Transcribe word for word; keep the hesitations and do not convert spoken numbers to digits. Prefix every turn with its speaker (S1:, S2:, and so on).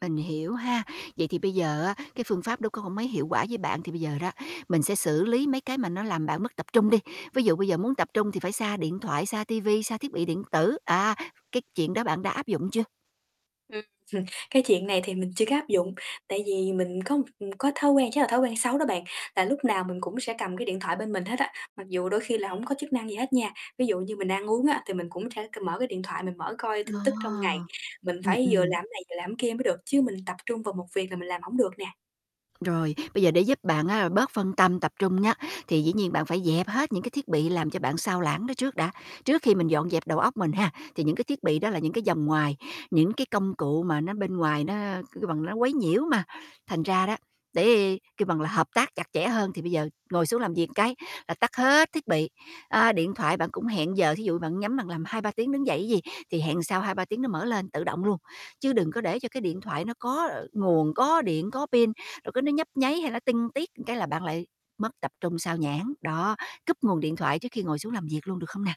S1: Mình hiểu ha. Vậy thì bây giờ á cái phương pháp đó cũng hông mấy hiệu quả với bạn, thì bây giờ đó mình sẽ xử lý mấy cái mà nó làm bạn mất tập trung đi, ví dụ bây giờ muốn tập trung thì phải xa điện thoại, xa ti vi, xa thiết bị điện tử, à, cái chuyện đó bạn đã áp dụng chưa?
S2: Ừm. cái chuyện này thì mình chưa có áp dụng, tại vì mình có m có thói quen, chắc là thói quen xấu đó bạn, là lúc nào mình cũng sẽ cầm cái điện thoại bên mình hết á, mặc dù đôi khi là hổng có chức năng gì hết nha. Ví dụ như mình ăn uống á thì mình cũng sẽ c mở cái điện thoại mình mở coi
S1: Ờ.
S2: tin tức trong ngày, mình
S1: Ừm,
S2: phải vừa
S1: ừm.
S2: làm này vừa làm kia mới được, chứ mình tập trung vào một việc là mình làm hổng được nè.
S1: Rồi, bây giờ để giúp bạn, a, bớt phân tâm, tập trung nhá, thì dĩ nhiên bạn phải dẹp hết những cái thiết bị làm cho bạn xao lãng đó trước đã. Trước khi mình dọn dẹp đầu óc mình ha, thì những cái thiết bị đó là những cái vòng ngoài, những cái công cụ mà nó bên ngoài nó, kêu bằng, nó quấy nhiễu mà, thành ra đó, để, kêu bằng là, hợp tác chặt chẽ hơn thì bây giờ ngồi xuống làm việc cái là tắt hết thiết bị, à, điện thoại bạn cũng hẹn giờ. Thí dụ bạn nhắm bạn làm hai ba tiếng đứng dậy chứ gì, thì hẹn sau hai ba tiếng nó mở lên, tự động luôn, chứ đừng có để cho cái điện thoại nó có nguồn, có điện, có pin, rồi cứ nó nhấp nháy hay nó tinh tiết cái là bạn lại mất tập trung, sao nhãng. Đó, cúp nguồn điện thoại trước khi ngồi xuống làm việc luôn, được không nè?